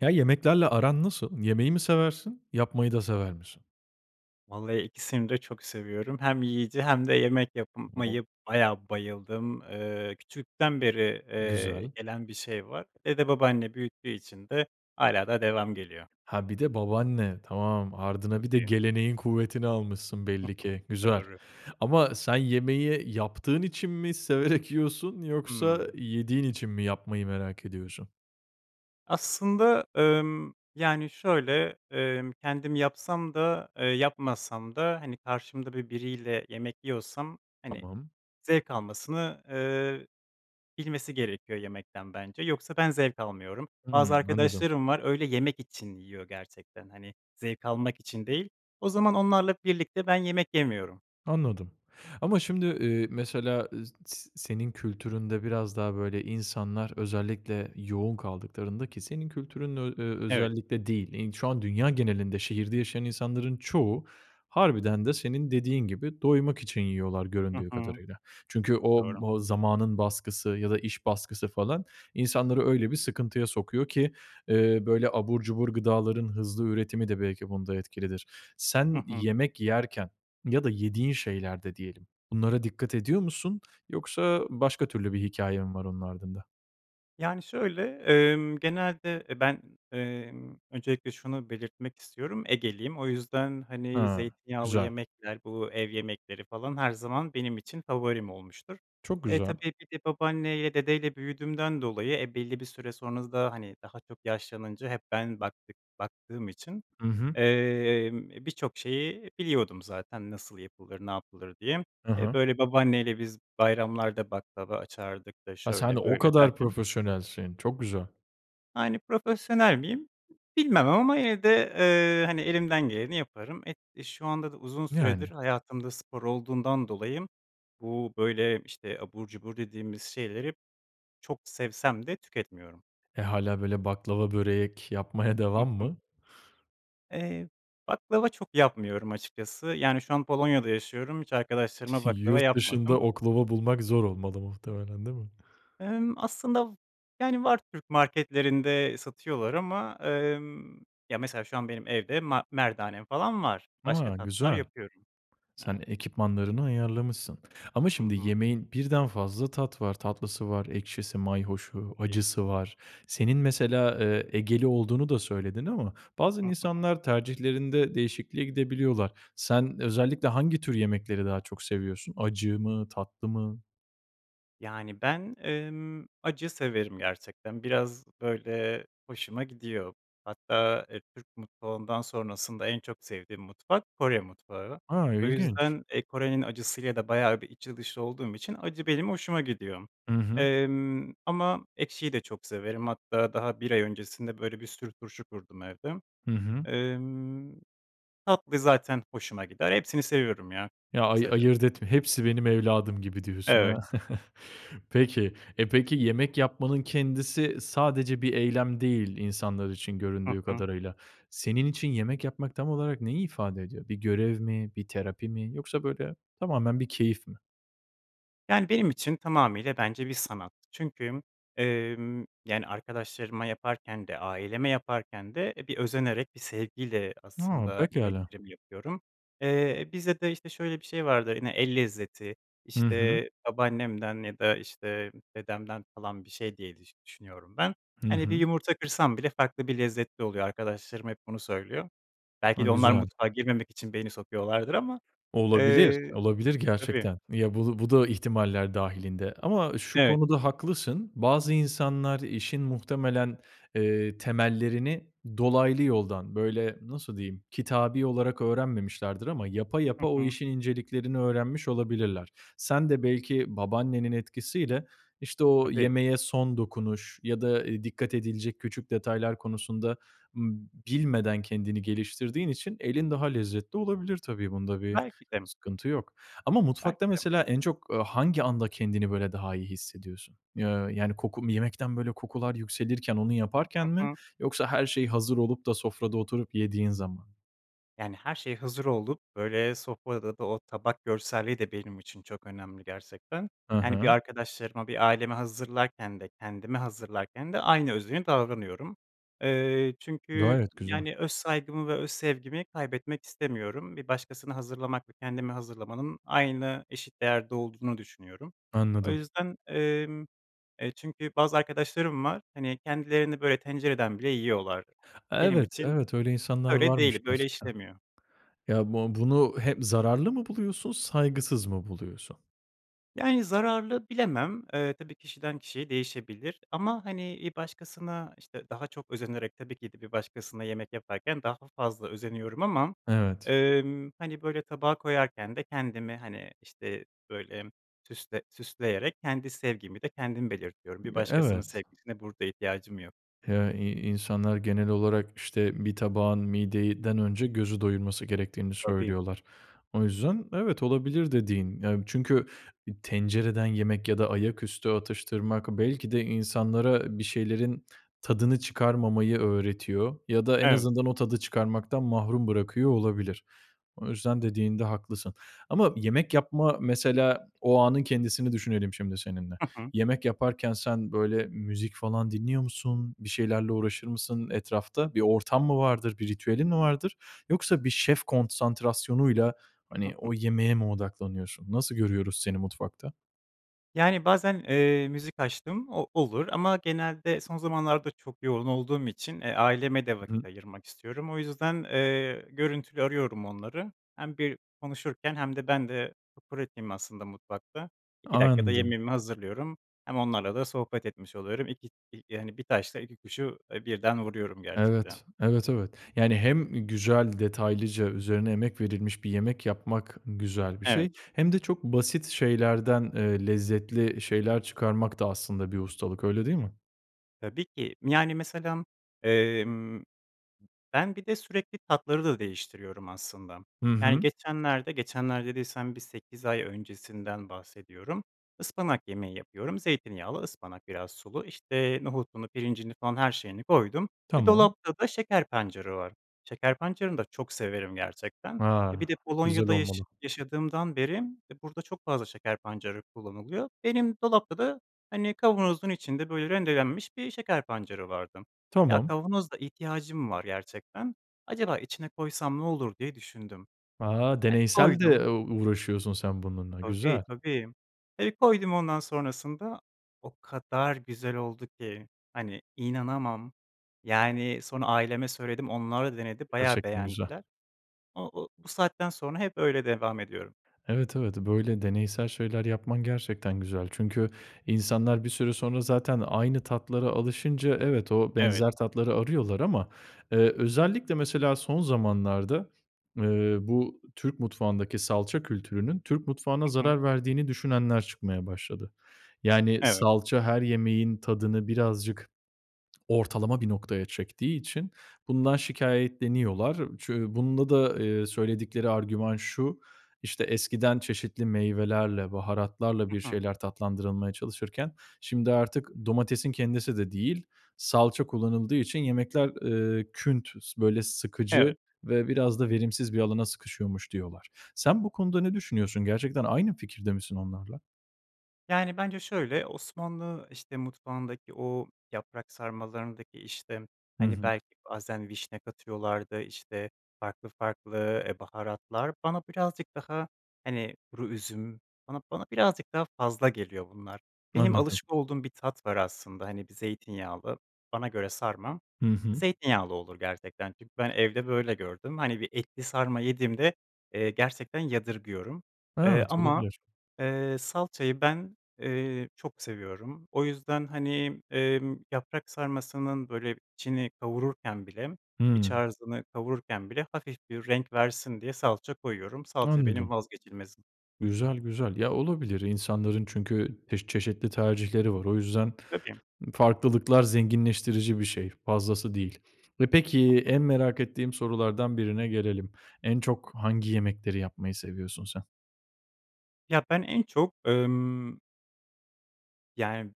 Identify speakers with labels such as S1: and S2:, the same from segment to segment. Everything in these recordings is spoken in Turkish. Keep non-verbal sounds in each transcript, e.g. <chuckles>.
S1: Ya, yemeklerle aran nasıl? Yemeği mi seversin, yapmayı da sever misin?
S2: Vallahi ikisini de çok seviyorum, hem yiyici hem de yemek yap, eee,
S1: <unintelligible>
S2: yapmaya bayağı bayıldığım, ııı, küçüklükten beri, eee,
S1: Güzel.
S2: gelen bir şey var. Evde babaanne büyüttüğü için de hâlâ da devamı geliyor.
S1: Ha, bir de babaanne. Tamam, ardına bir de
S2: <unintelligible>
S1: geleneğin kuvvetini almışsın belli ki.
S2: <chuckles>
S1: Güzel.
S2: Doğru.
S1: Ama sen yemeği yaptığın için mi severek yiyorsun yoksa
S2: Hımm.
S1: yediğin için mi yapmayı merak ediyorsun?
S2: Aslında, ımm, yani, şöyle, ımm, kendim yapsam da, eee, yapmasam da hani karşımda böyle biriyle yemek yiyorsam, hani,
S1: Tamam.
S2: zevk almasını, ııı, bilmesi gerekiyor yemekten bence, yoksa ben zevk almıyorum. Bazı
S1: Hıı. Anladım.
S2: arkadaşlarım var öyle, yemek için yiyor gerçekten hani, zevk almak için değil, o zaman onlarla birlikte ben yemek yemiyorum.
S1: Anladım. Ama şimdi, ııı, mesela, ııı, s s, senin kültüründe biraz daha böyle insanlar özellikle yoğun kaldıklarında ki senin kültürünün ö
S2: Evet.
S1: özellikle değil, şu an dünya genelinde şehirde yaşayan insanların çoğu, harbiden de senin dediğin gibi, doymak için yiyorlar
S2: Hı
S1: göründüğü
S2: hı.
S1: kadarıyla. Çünkü o
S2: Doğru.
S1: b o zamanın baskısı ya da iş baskısı falan, insanları öyle bir sıkıntıya sokuyor ki, ııı, böyle abur cubur gıdaların hızlı üretimi de belki bunda etkilidir.
S2: Hı
S1: Sen
S2: hı.
S1: yemek yerken, ya da yediğin şeylerde diyelim, bunlara dikkat ediyor musun yoksa başka türlü bir hikâye mi var onun ardında?
S2: Yani, şöyle, emm, genelde, e, ben, emm, öncelikle şunu belirtmek istiyorum, Egeliyim o yüzden, hani,
S1: Hıı,
S2: zeytinyağlı
S1: güzel.
S2: yemekler, bu, ev yemekleri falan her zaman benim için favorim olmuştur.
S1: Çok
S2: E,
S1: güzel.
S2: tabii, bir de babaanneyle, dedeyle büyüdüğümden dolayı, e, belli bir süre sonra da hani daha çok yaşlanınca hep ben baktık baktığım için,
S1: Hı hı.
S2: emm, birçok şeyi biliyordum zaten nasıl yapılır, ne yapılır diye.
S1: Hı
S2: E,
S1: hı.
S2: böyle babaanne ile biz bayramlarda baklava açardık da
S1: Ha, sen
S2: şöyle
S1: o
S2: böyle
S1: kadar
S2: derken.
S1: profesyonelsin, çok güzel.
S2: Yani, profesyonel miyim? Bilmem ama evde, eee, hani, elimden geleni yaparım. E, şu anda da uzun süredir
S1: Yani.
S2: hayatımda spor olduğundan dolayı bu, böyle, işte, abur cubur dediğimiz şeyleri çok sevsem de tüketmiyorum.
S1: E, hâlâ böyle baklava, börek yapmaya
S2: Hı
S1: devam
S2: hı.
S1: mı?
S2: Eee, baklava çok yapmıyorum açıkçası, yani, şu an Polonya'da yaşıyorum, hiç arkadaşlarıma
S1: <giggles>
S2: baklava
S1: Yurt
S2: yapmadım.
S1: dışında oklava bulmak zor olmalı muhtemelen değil mi?
S2: Emm, aslında, v yani, var, Türk marketlerinde satıyorlar ama, emm, ya, mesela şu an benim evde ma merdanem falan var, başka
S1: A,
S2: tatlılar
S1: güzel.
S2: yapıyorum.
S1: Sen
S2: Evet.
S1: ekipmanlarını ayarlamışsın ama
S2: Hı
S1: şimdi
S2: hı.
S1: yemeğin birden fazla tat var, tatlısı var, ekşisi, mayhoşu,
S2: <unintelligible>
S1: acısı var. Senin mesela, eee, Egeli olduğunu da söyledin ama bazen
S2: Hı hı.
S1: insanlar tercihlerinde değişikliğe gidebiliyorlar. Sen özellikle hangi tür yemekleri daha çok seviyorsun? Acı mı, tatlı mı?
S2: Yani, ben, ımm, acı severim gerçekten, biraz, böyle, hoşuma gidiyor. Hatta, eee, Türk mutfağından sonrasında en çok sevdiğim mutfak Kore mutfağı.
S1: A!
S2: O
S1: İlginç.
S2: yüzden, eee, Kore'nin acısı ile de bayağı bir içli dışlı olduğum için acı benim hoşuma gidiyor,
S1: Hı hı.
S2: emm, ama ekşiyi de çok severim, hatta daha 1 ay öncesinde, böyle, bir sürü turşu kurdum evde.
S1: Hı hı.
S2: Emm, tatlı zaten hoşuma gider, hepsini seviyorum, ya,
S1: Ya, ayı
S2: kısaca.
S1: ayırt etme, hepsi benim evladım gibi diyorsun, ha?
S2: Evet.
S1: <chuckles> Peki, eee, peki, yemek yapmanın kendisi sadece bir eylem değil insanlar için,
S2: Hı
S1: göründüğü
S2: hı.
S1: kadarıyla, senin için yemek yapmak tam olarak neyi ifade ediyor? Bir görev mi, bir terapi mi yoksa, böyle, tamamen bir keyif mi?
S2: Yani, benim için tamamıyla bence bir sanat, çünkü, emm, yani, arkadaşlarıma yaparken de aileme yaparken de, e, bir özenerek, bir sevgiyle
S1: A,
S2: aslında
S1: pekâlâ.
S2: yemeklerimi yapıyorum. Eee, bizde de, işte, şöyle bir şey vardır yine, el lezzeti,
S1: Hı hı.
S2: işte, babaannemden ya da, işte, dedemden, falan, bir şey diye düş düşünüyorum ben.
S1: Hı
S2: Hani, bir
S1: hı.
S2: yumurta kırsam bile farklı, bir lezzetli oluyor, arkadaşlarım hep bunu söylüyor. Belki
S1: A!
S2: de onlar
S1: Güzel.
S2: mutfağa girmemek için beni sokuyorlardır ama,
S1: Olabilir,
S2: eee,
S1: olabilir
S2: tabii.
S1: gerçekten. Ya, bu bu da ihtimaller dâhilinde ama şu
S2: Evet.
S1: konuda haklısın, bazı insanlar işin muhtemelen, eee, temellerini dolaylı yoldan, böyle, nasıl diyeyim, kitabi olarak öğrenmemişlerdir ama yapa,
S2: Hı
S1: yapa o
S2: hı.
S1: işin inceliklerini öğrenmiş olabilirler. Sen de belki babaannenin etkisiyle, işte, o
S2: Tabii.
S1: yemeğe son dokunuş ya da, ııı, dikkat edilecek küçük detaylar konusunda, ımm, b bilmeden kendini geliştirdiğin için elin daha lezzetli olabilir tabii, bunda bir
S2: Belki de.
S1: sıkıntı yok. Ama mutfakta,
S2: Belki de.
S1: mesela, en çok, ııı, hangi anda kendini, böyle, daha iyi hissediyorsun? Eee, yani, koku mu yemekten, böyle, kokular yükselirken onu
S2: Hı
S1: yaparken mi
S2: hı.
S1: yoksa her şey hazır olup da sofrada oturup yediğin zaman mı?
S2: Yani, her şey hazır olup, böyle, sofrada da o tabak görselliği de benim için çok önemli, gerçekten.
S1: Hı
S2: Yani, bir
S1: hı.
S2: arkadaşlarıma, bir aileme hazırlarken de kendime hazırlarken de aynı özeni davranıyorum. Eee, çünkü,
S1: Gayet güzel.
S2: yani, öz saygımı ve öz sevgimi kaybetmek istemiyorum, bir başkasına hazırlamak ve kendime hazırlamanın aynı eşit değerde olduğunu düşünüyorum. O
S1: Anladım.
S2: yüzden, emm, e, çünkü bazı arkadaşlarım var, hani, kendilerini, böyle, tencereden bile yiyorlar, benim
S1: Evet,
S2: için
S1: evet, öyle insanlar
S2: öyle
S1: varmış
S2: değil, böyle
S1: gerçekten.
S2: işlemiyor.
S1: Ya, bu bunu he zararlı mı buluyorsun, saygısız mı buluyorsun?
S2: Yani, zararlı bilemem, eee, tabii kişiden kişiye değişebilir ama, hani, bir başkasına işte daha çok özenerek tabii ki de bir başkasına yemek yaparken daha fazla özeniyorum ama,
S1: Evet.
S2: emm, hani, böyle tabağa koyarken de kendimi, hani, işte böyle, süsle süsleyerek kendi sevgimi de kendim belirtiyorum, bir
S1: Ya,
S2: başkasının
S1: evet.
S2: sevgisine burada ihtiyacım yok.
S1: Ya, i insanlar genel olarak, işte, bir tabağın mideden önce gözü doyurması gerektiğini
S2: Tabii.
S1: söylüyorlar. O yüzden, evet, olabilir dediğin, yani, çünkü tencereden yemek ya da ayaküstü atıştırmak belki de insanlara bir şeylerin tadını çıkarmamayı öğretiyor ya da en
S2: Evet.
S1: azından o tadı çıkarmaktan mahrum bırakıyor olabilir. O yüzden dediğinde haklısın. Ama yemek yapma mesela o anın kendisini düşünelim şimdi seninle.
S2: Hı hı.
S1: Yemek yaparken sen böyle müzik falan dinliyor musun, bir şeylerle uğraşır mısın etrafta? Bir ortam mı vardır, bir ritüelin mi vardır yoksa bir şef konsantrasyonuyla, hani,
S2: <giggles>
S1: o yemeğe mi odaklanıyorsun? Nasıl görüyoruz seni mutfakta?
S2: Yani, bazen, eee, müzik açtığım o olur ama genelde son zamanlarda çok yoğun olduğum için, eee, aileme de
S1: Hı hı.
S2: vakit ayırmak istiyorum. O yüzden, eee, görüntülü arıyorum onları. Hem bir konuşurken hem de ben de pratiğim aslında mutfakta, 2 dakikada
S1: Anladım.
S2: yemeğimi hazırlıyorum, hem onlarla da sohbet etmiş oluyorum. İ iki, hani, bir taşla iki kuşu, eee, birden vuruyorum gerçekten.
S1: Evet, evet, evet. Yani, hem güzel, detaylıca üzerine emek verilmiş bir yemek yapmak güzel bir
S2: Evet.
S1: şey hem de çok basit şeylerden, eee, lezzetli şeyler çıkarmak da aslında bir ustalık, öyle değil mi?
S2: Tabii ki, yani mesela, emm, ben bir de sürekli tatları da değiştiriyorum, aslında.
S1: Hı
S2: Yani,
S1: hı.
S2: geçenlerde, geçenler dediysem bir 8 ay öncesinden bahsediyorum, ıspanak yemeği yapıyorum, zeytinyağlı ıspanak, biraz sulu, işte, nohutunu, pirincini falan her şeyini koydum ve
S1: Tamam.
S2: dolapta da şeker pancarı var. Şeker pancarını da çok severim, gerçekten. E, bir
S1: Ha,
S2: de
S1: güzel
S2: Polonya’da yaş
S1: olmalı.
S2: yaşadığımdan beri burada çok fazla şeker pancarı kullanılıyor. Benim dolapta da, hani, kavanozun içinde, böyle, rendelenmiş bir şeker pancarı vardı. Ya
S1: Tamam.
S2: kavanoz da ihtiyacım var gerçekten, acaba içine koysam ne olur diye düşündüm.
S1: A,
S2: Hadi
S1: deneysel
S2: koydum.
S1: de u uğraşıyorsun sen bununla,
S2: Tabii,
S1: güzel.
S2: tabii, eee, koydum ondan sonrasında, o kadar güzel oldu ki, hani, inanamam, yani, sonra aileme söyledim, onlar da denedi bayağı
S1: Gerçekten güzel.
S2: beğendiler. O o, bu saatten sonra hep öyle devam ediyorum.
S1: Evet, evet, böyle deneysel şeyler yapman gerçekten güzel. Çünkü insanlar bir süre sonra zaten aynı tatlara alışınca, evet, o
S2: Evet.
S1: benzer tatları arıyorlar ama, eee, özellikle mesela son zamanlarda, eee, bu Türk mutfağındaki salça kültürünün, Türk mutfağına
S2: Hı hı.
S1: zarar verdiğini düşünenler çıkmaya başladı. Yani,
S2: Evet.
S1: salça her yemeğin tadını birazcık ortalama bir noktaya çektiği için bundan şikâyetleniyorlar. Çü bunda da, eee, söyledikleri argüman şu, işte, eskiden çeşitli meyvelerle, baharatlarla bir
S2: Hı hı.
S1: şeyler tatlandırılmaya çalışırken şimdi artık domatesin kendisi de değil, salça kullanıldığı için yemekler, eee, küntüz, böyle,
S2: Evet.
S1: sıkıcı ve biraz da verimsiz bir alana sıkışıyormuş diyorlar. Sen bu konuda ne düşünüyorsun? Gerçekten aynı fikirde misin onlarla?
S2: Yani, bence şöyle, Osmanlı işte mutfağındaki o yaprak sarmalarındaki işte,
S1: Hı
S2: hani,
S1: hı.
S2: belki bazen vişne katıyorlardı, işte, farklı farklı e, baharatlar, bana birazcık daha hani kuru üzüm, bana bana birazcık daha fazla geliyor bunlar. Benim
S1: Anladım.
S2: alışık olduğum bir tat var aslında, hani, bir zeytinyağlı, bana göre sarma,
S1: Hı
S2: e,
S1: hı.
S2: zeytinyağlı olur gerçekten, çünkü ben evde böyle gördüm. Hani bir etli sarma yediğimde, eee, gerçekten yadırgıyorum, ııı,
S1: Evet,
S2: ama,
S1: olabilir.
S2: ııı, salçayı ben, eee, çok seviyorum. O yüzden, hani, ımm, yaprak sarmasının böyle içini kavururken bile, iç
S1: Hımm.
S2: harcını kavururken bile hafif bir renk versin diye salça koyuyorum. Salça benim
S1: Anladım.
S2: vazgeçilmezim.
S1: Güzel, güzel. Ya olabilir. İnsanların çünkü pek çeşitli tercihleri var. O yüzden
S2: Tabii.
S1: farklılıklar zenginleştirici bir şey, fazlası değil ve peki, en
S2: <unintelligible>
S1: merak ettiğim sorulardan birine gelelim. En çok hangi yemekleri yapmayı seviyorsun sen?
S2: Ya ben en çok, ımm yani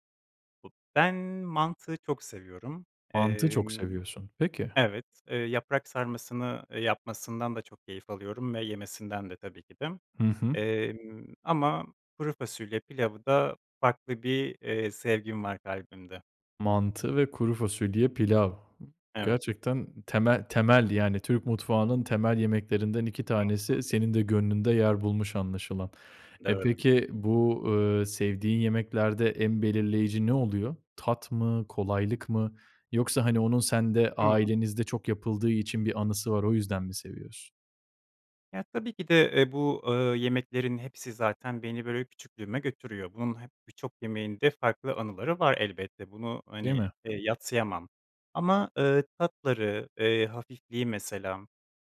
S2: bu ben mantı çok seviyorum.
S1: Mantı çok
S2: Emm,
S1: seviyorsun, peki.
S2: evet, ııı, yaprak sarmasını yapmasından da çok keyif alıyorum ve yemesinden de tabii ki de.
S1: Hı hı.
S2: Emm, ama kuru fasulye pilavı da farklı bir, eee, sevgim var kalbimde.
S1: Mantı ve kuru fasulye, pilav.
S2: Evet.
S1: Gerçekten temel temel, yani Türk mutfağının temel yemeklerinden 2
S2: <unintelligible>
S1: tanesi senin de gönlünde yer bulmuş anlaşılan. Eee,
S2: Doğru.
S1: peki bu, eee, sevdiğin yemeklerde en belirleyici ne oluyor? Tat mı, kolaylık mı yoksa hani onun sende,
S2: <unintelligible>
S1: ailenizde çok yapıldığı için bir anısı var, o yüzden mi seviyorsun?
S2: Ya, tabii ki de, eee, bu, eee, yemeklerin hepsi zaten beni böyle küçüklüğüme götürüyor. Bunun hep birçok yemeğinde farklı anıları var elbette, bunu
S1: Değil
S2: hani,
S1: mi?
S2: eee, yadsıyamam ama, eee, tatları, eee, hafifliği, mesela.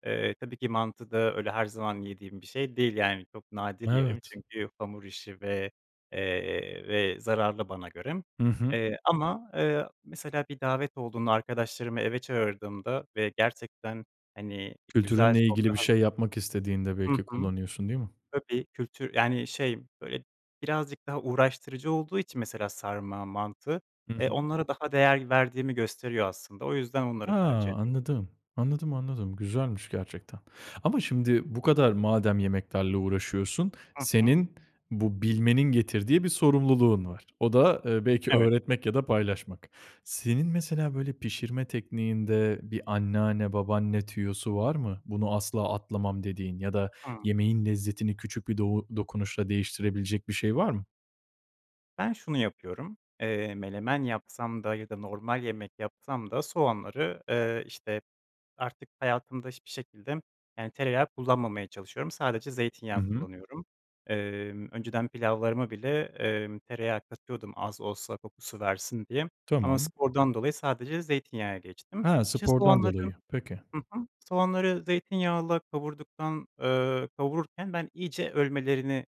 S2: Eee, tabii ki mantı da öyle her zaman yediğim bir şey değil, yani, çok nadir yerim
S1: Evet.
S2: çünkü hamur işi ve, eee, ve zararlı bana göre,
S1: Hı hı.
S2: eee, ama, eee, mesela bir davet olduğunda arkadaşlarımı eve çağırdığımda ve gerçekten hani güzel
S1: Kültürünle ilgili
S2: sofra
S1: bir
S2: hazır
S1: şey yapmak istediğinde
S2: Hı
S1: belki
S2: hı.
S1: kullanıyorsun, değil mi?
S2: Tabii, kültür yani, şey böyle birazcık daha uğraştırıcı olduğu için mesela sarma, mantı,
S1: I
S2: eee,
S1: hı.
S2: onlara daha değer verdiğimi gösteriyor aslında o yüzden
S1: A!
S2: onları tercih ediyor
S1: Anladım, anladım, anladım, güzelmiş gerçekten. Ama şimdi bu kadar madem yemeklerle uğraşıyorsun,
S2: Hı hı.
S1: senin bu bilmenin getirdiği bir sorumluluğun var. O da, eee, belki
S2: Evet.
S1: öğretmek ya da paylaşmak. Senin mesela böyle pişirme tekniğinde bir anneanne, babaanne tüyosu var mı? Bunu asla atlamam dediğin ya da
S2: Hımm.
S1: yemeğin lezzetini küçük bir dou dokunuşla değiştirebilecek bir şey var mı?
S2: Ben şunu yapıyorum, eee, menemen yapsam da ya da normal yemek yapsam da soğanları, ııı, işte artık hayatımda hiçbir şekilde yani tereyağı kullanmamaya çalışıyorum, sadece
S1: Hı
S2: zeytinyağı
S1: hı.
S2: kullanıyorum. Emm, önceden pilavlarıma bile, emm, tereyağı katıyordum az olsa kokusu versin diye ama
S1: Tamam.
S2: spordan dolayı sadece zeytinyağına geçtim.
S1: Ha,
S2: İşte
S1: spordan
S2: soğanları,
S1: dolayı, peki.
S2: hı hı, soğanları zeytinyağıyla kavurduktan, ııı, kavururken ben iyice ölmelerini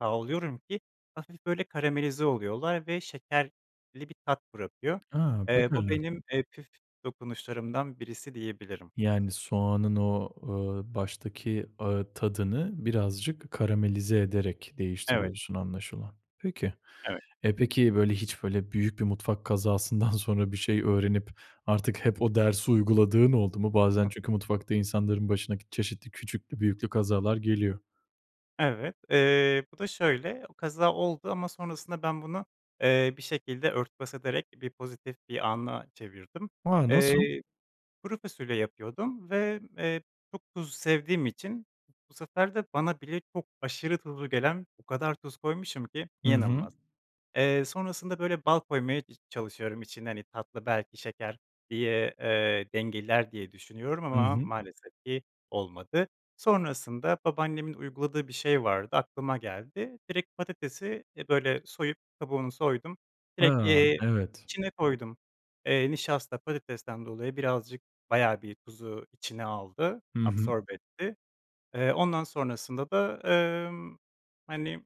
S2: sağlıyorum ki hafif böyle karamelize oluyorlar ve şekerli bir tat bırakıyor.
S1: A, bak
S2: Eee, bu
S1: hele!
S2: benim, eee, püf dokunuşlarımdan birisi, diyebilirim.
S1: Yani soğanın o, ııı, baştaki, ııı, tadını birazcık karamelize ederek
S2: Evet.
S1: değiştiriyorsun anlaşılan. Peki.
S2: Evet.
S1: E, peki böyle hiç böyle büyük bir mutfak kazasından sonra bir şey öğrenip artık hep o dersi uyguladığın oldu mu?
S2: Hı
S1: Bazen
S2: hı.
S1: çünkü mutfakta insanların başına k çeşitli küçüklü büyüklü kazalar geliyor.
S2: Evet, ııı, bu da şöyle: O kaza oldu ama sonrasında ben bunu, eee, bir şekilde örtbas ederek bir pozitif bir ana çevirdim.
S1: A, nasıl?
S2: Iıı, kuru fasulye yapıyordum ve, ııı, çok tuz sevdiğim için bu sefer de bana bile çok aşırı tuzlu gelen o kadar tuz koymuşum ki
S1: Hı hı.
S2: inanılmaz. Eee, sonrasında böyle bal koymaya i çalışıyorum içine hani tatlı belki şeker diye, ııı, dengeler diye düşünüyorum
S1: Hı
S2: ama
S1: hı.
S2: maalesef ki olmadı. Sonrasında babaannemin uyguladığı bir şey vardı aklıma geldi, direkt patatesi, e, böyle soyup kabuğunu soydum, direkt,
S1: A,
S2: eee,
S1: evet.
S2: içine koydum, eee, nişasta patatesten dolayı birazcık bayağı bir tuzu içine aldı,
S1: Hı hı.
S2: absorbe etti. Eee, ondan sonrasında da, ııı, hani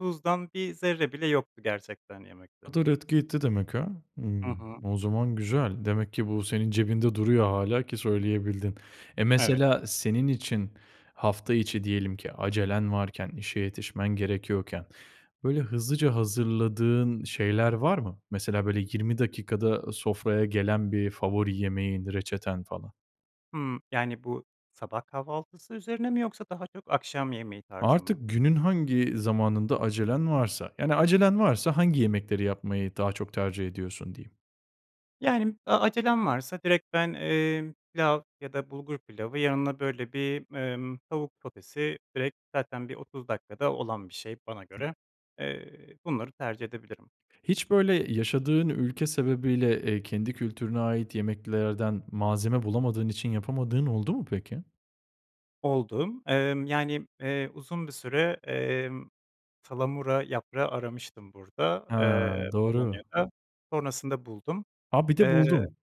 S2: tuzdan bir zerre bile yoktu gerçekten yemekte.
S1: O kadar etki etti demek ha.
S2: Hı
S1: Hımm,
S2: hı.
S1: o zaman güzel. Demek ki bu senin cebinde duruyor hâlâ ki söyleyebildin. E,
S2: Evet.
S1: mesela senin için hafta içi diyelim ki acelen varken, işe yetişmen gerekiyorken böyle hızlıca hazırladığın şeyler var mı? Mesela böyle 20 dakikada sofraya gelen bir favori yemeğin, reçeten falan?
S2: Hımm. Yani, bu sabah kahvaltısı üzerine mi yoksa daha çok akşam yemeği tarzı
S1: Artık,
S2: mı?
S1: günün hangi zamanında acelen varsa, yani acelen varsa hangi yemekleri yapmayı daha çok tercih ediyorsun diyeyim?
S2: Yani, e acelem varsa direkt ben, eee, pilav ya da bulgur pilavı, yanına böyle bir, emm, tavuk sotesi. Direkt zaten bir 30 dakikada olan bir şey bana göre. Eee, bunları tercih edebilirim.
S1: Hiç, böyle, yaşadığın ülke sebebiyle, eee, kendi kültürüne ait yemeklerden malzeme bulamadığın için yapamadığın oldu mu, peki?
S2: Oldu. Emm, yani, eee, uzun bir süre, emm, salamura yaprağı aramıştım burada,
S1: He,
S2: eee,
S1: doğru.
S2: Polonya'da, sonrasında buldum.
S1: A, bir de
S2: Eee,
S1: buldun!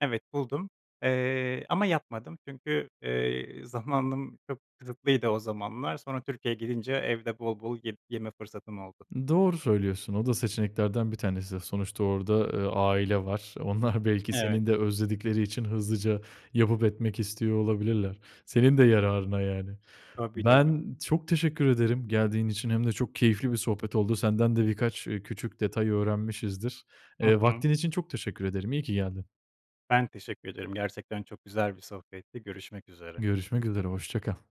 S2: evet buldum, eee, ama yapmadım çünkü, eee, zamanım çok kısıtlıydı o zamanlar, sonra Türkiye'ye gidince evde bol bol ye yeme fırsatım oldu.
S1: Doğru söylüyorsun, o da seçeneklerden 1 tanesi, sonuçta orada, eee, aile var. Onlar belki
S2: Evet.
S1: seni de özledikleri için hızlıca yapıp etmek istiyor olabilirler. Senin de yararına, yani.
S2: Tabii, tabii.
S1: Ben çok teşekkür ederim geldiğin için hem de çok keyifli bir sohbet oldu. Senden de birkaç, ııı, küçük detay öğrenmişizdir.
S2: Hı
S1: Eee,
S2: hı.
S1: vaktin için çok teşekkür ederim, iyi ki geldin.
S2: Ben teşekkür ederim, gerçekten, çok güzel bir sohbetti. Görüşmek üzere.
S1: Görüşmek üzere, hoşça kal.